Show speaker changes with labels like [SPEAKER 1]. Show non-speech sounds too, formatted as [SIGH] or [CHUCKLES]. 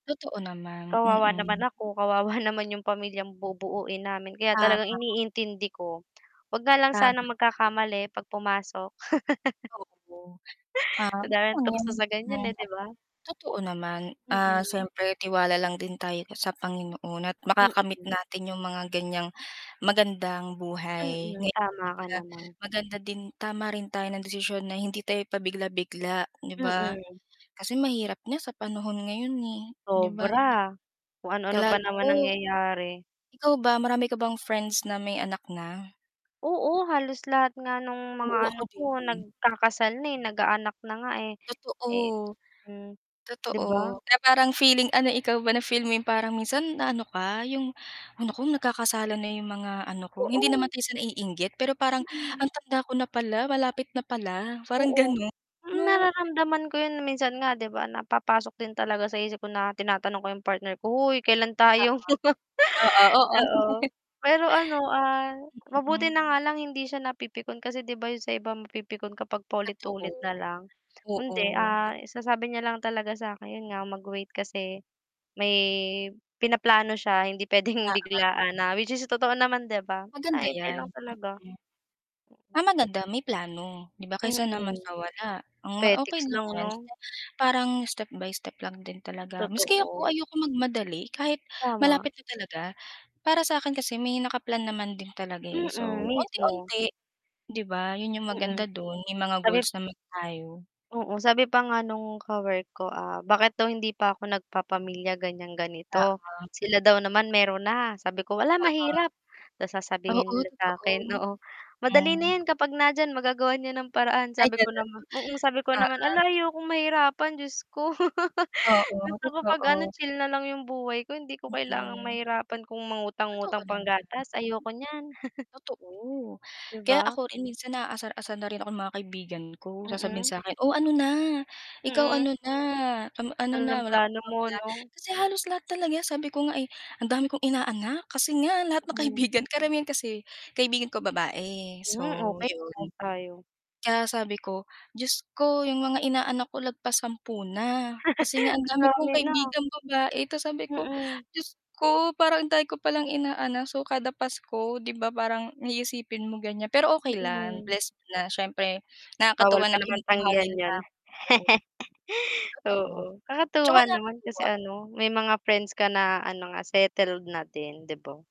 [SPEAKER 1] Totoo naman,
[SPEAKER 2] Kawawa naman
[SPEAKER 1] mm.
[SPEAKER 2] ako, kawawa naman yung pamilyang bubuin namin, kaya
[SPEAKER 1] Tama.
[SPEAKER 2] talagang iniintindi ko. Wag nga lang
[SPEAKER 1] Tama nga
[SPEAKER 2] sana
[SPEAKER 1] naman.
[SPEAKER 2] magkakamali 'pag pumasok. [LAUGHS] [INHALES]
[SPEAKER 1] Oo. Ah,
[SPEAKER 2] Madaming
[SPEAKER 1] okay lang
[SPEAKER 2] tukso sa ganyan
[SPEAKER 1] yan.
[SPEAKER 2] eh, di ba?
[SPEAKER 1] Totoo naman, ah,
[SPEAKER 2] Mm.
[SPEAKER 1] siyempre tiwala lang din tayo sa Panginoon at makakamit
[SPEAKER 2] Mm.
[SPEAKER 1] natin yung mga ganyang magandang buhay,
[SPEAKER 2] Mm,
[SPEAKER 1] ngayon
[SPEAKER 2] tama ka
[SPEAKER 1] talaga,
[SPEAKER 2] naman.
[SPEAKER 1] maganda din tama rin tayo ng desisyon na hindi tayo pabigla-bigla di ba?
[SPEAKER 2] Mm.
[SPEAKER 1] Kasi mahirap na sa panahon ngayon eh, di ba?
[SPEAKER 2] Sobra, kung ano-ano
[SPEAKER 1] Kilala
[SPEAKER 2] pa naman
[SPEAKER 1] ko
[SPEAKER 2] nangyayari.
[SPEAKER 1] ikaw ba marami ka bang friends na may anak na?
[SPEAKER 2] Oo, halos lahat nga nung mga
[SPEAKER 1] Oo
[SPEAKER 2] ano
[SPEAKER 1] ako
[SPEAKER 2] ko,
[SPEAKER 1] din.
[SPEAKER 2] nagkakasal na eh, nag-aanak na nga eh. Eh
[SPEAKER 1] Totoo.
[SPEAKER 2] hmm, di ba?
[SPEAKER 1] Totoo na parang feeling ano, ikaw ba na feel mo yung parang minsan na ano ka, yung, ay nako, nagkakasalan na yung mga ano ko, hindi naman
[SPEAKER 2] Oo.
[SPEAKER 1] tayo sa naiinggit pero parang
[SPEAKER 2] Mm.
[SPEAKER 1] ang tanda ko na pala malapit na pala, parang
[SPEAKER 2] Oo.
[SPEAKER 1] ganon,
[SPEAKER 2] Hmm,
[SPEAKER 1] no.
[SPEAKER 2] nararamdaman ko yun minsan nga di ba napapasok din talaga sa isip ko na tinatanong ko yung partner ko, hoy kailan
[SPEAKER 1] Oo.
[SPEAKER 2] tayo. [LAUGHS]
[SPEAKER 1] Oo, oo.
[SPEAKER 2] Oo,
[SPEAKER 1] [LAUGHS]
[SPEAKER 2] pero ano, ah, mabuti
[SPEAKER 1] Mm.
[SPEAKER 2] na nga lang hindi siya napipikon kasi di ba yun sa ibang mapipikon kapag paulit-ulit na
[SPEAKER 1] Totoo,
[SPEAKER 2] lang. Hindi, ah,
[SPEAKER 1] oo.
[SPEAKER 2] sinasabi niya lang talaga sa'kin nga mag-wait kasi may pinaplano siya, hindi pwedeng
[SPEAKER 1] Oo.
[SPEAKER 2] biglaan na which is totoo naman di ba. Na
[SPEAKER 1] Maganda
[SPEAKER 2] hintay lang
[SPEAKER 1] yan,
[SPEAKER 2] talaga.
[SPEAKER 1] mm. Ah,
[SPEAKER 2] Mm.
[SPEAKER 1] maganda may plano, 'di ba, kaysa naman
[SPEAKER 2] Mm.
[SPEAKER 1] sa wala. Mm, okey
[SPEAKER 2] Petics
[SPEAKER 1] lang
[SPEAKER 2] lang
[SPEAKER 1] 'yan,
[SPEAKER 2] 'no.
[SPEAKER 1] basta parang step by step lang din talaga maski ako,
[SPEAKER 2] Totoo.
[SPEAKER 1] ayokong magmadali kahit
[SPEAKER 2] Tama.
[SPEAKER 1] malapit na talaga. Para sa akin kasi may naka-plan naman din talaga eh.
[SPEAKER 2] Mm,
[SPEAKER 1] So
[SPEAKER 2] mismo.
[SPEAKER 1] unti-unti, 'di ba, yun yung maganda
[SPEAKER 2] Mm.
[SPEAKER 1] dun may mga
[SPEAKER 2] Sabi
[SPEAKER 1] goals naman tayo.
[SPEAKER 2] Oo, sabi pa nga nung ka-work ko, ah, bakit daw hindi pa ako nagpapamilya ganyang ganito.
[SPEAKER 1] Oo.
[SPEAKER 2] Sila daw naman meron na, sabi ko, wala
[SPEAKER 1] Oo.
[SPEAKER 2] mahirap tas sasabihin
[SPEAKER 1] Oo
[SPEAKER 2] nila sa akin,
[SPEAKER 1] totoo,
[SPEAKER 2] oo, madali na
[SPEAKER 1] mm.
[SPEAKER 2] 'yan kapag nandiyan magagawa niyan ng paraan.
[SPEAKER 1] Ay
[SPEAKER 2] Sabi ko
[SPEAKER 1] ganun,
[SPEAKER 2] naman, oo, sabi ko naman,
[SPEAKER 1] oo.
[SPEAKER 2] ala ayokong mahirapan Diyos ko. [LAUGHS]
[SPEAKER 1] Oo
[SPEAKER 2] Gusto ko 'pag ano
[SPEAKER 1] totoo.
[SPEAKER 2] chill na lang 'yong buhay ko hindi ko kailangang
[SPEAKER 1] Mm.
[SPEAKER 2] mahirapan kung
[SPEAKER 1] Totoo
[SPEAKER 2] mangutang-ngutang
[SPEAKER 1] naman.
[SPEAKER 2] panggatas ayoko niyan. [CHUCKLES]
[SPEAKER 1] Totoo
[SPEAKER 2] Di
[SPEAKER 1] kaya
[SPEAKER 2] ba?
[SPEAKER 1] ako rin minsan naasar-asar na rin ako ng mga kaibigan ko. Sasabihin
[SPEAKER 2] Mm.
[SPEAKER 1] sa 'kin, "O, ano na, ikaw
[SPEAKER 2] Mm.
[SPEAKER 1] ano na, kam ano
[SPEAKER 2] Ano ng
[SPEAKER 1] na wala ka pa
[SPEAKER 2] plano
[SPEAKER 1] bang
[SPEAKER 2] mo
[SPEAKER 1] pla"
[SPEAKER 2] no?
[SPEAKER 1] Kasi halos lahat talaga, sabi ko nga eh, "Ang dami kong inaanak." Kasi nga lahat ng
[SPEAKER 2] Hmm.
[SPEAKER 1] kaibigan karamihan kasi kaibigan ko, babae,
[SPEAKER 2] Hmm,
[SPEAKER 1] so
[SPEAKER 2] okay,
[SPEAKER 1] yun.
[SPEAKER 2] proud tayo.
[SPEAKER 1] Kaya sabi ko Diyos ko yung mga inaanak ko lagpas 10 na, kasi nga ang
[SPEAKER 2] [LAUGHS] Ang
[SPEAKER 1] dami kong
[SPEAKER 2] dami na.
[SPEAKER 1] kaibigang babae tas sabi ko
[SPEAKER 2] Mm.
[SPEAKER 1] Diyos ko parang ang dami ko palang inaanak, so, kada Pasko, di ba, parang iisipin mo ganyan. Pero okay lang
[SPEAKER 2] Mm.
[SPEAKER 1] blessed na siyempre
[SPEAKER 2] Bawal
[SPEAKER 1] nakakatuwa
[SPEAKER 2] pa
[SPEAKER 1] na
[SPEAKER 2] naman
[SPEAKER 1] kinukuha
[SPEAKER 2] tanggihan
[SPEAKER 1] nila
[SPEAKER 2] yun.
[SPEAKER 1] ako.
[SPEAKER 2] [LAUGHS]
[SPEAKER 1] Totoo,
[SPEAKER 2] Oo
[SPEAKER 1] tsaka
[SPEAKER 2] kakatuwa naman kasi
[SPEAKER 1] nakakatuwa.
[SPEAKER 2] ano, may mga friends ka na ano, mga settled na din, di ba?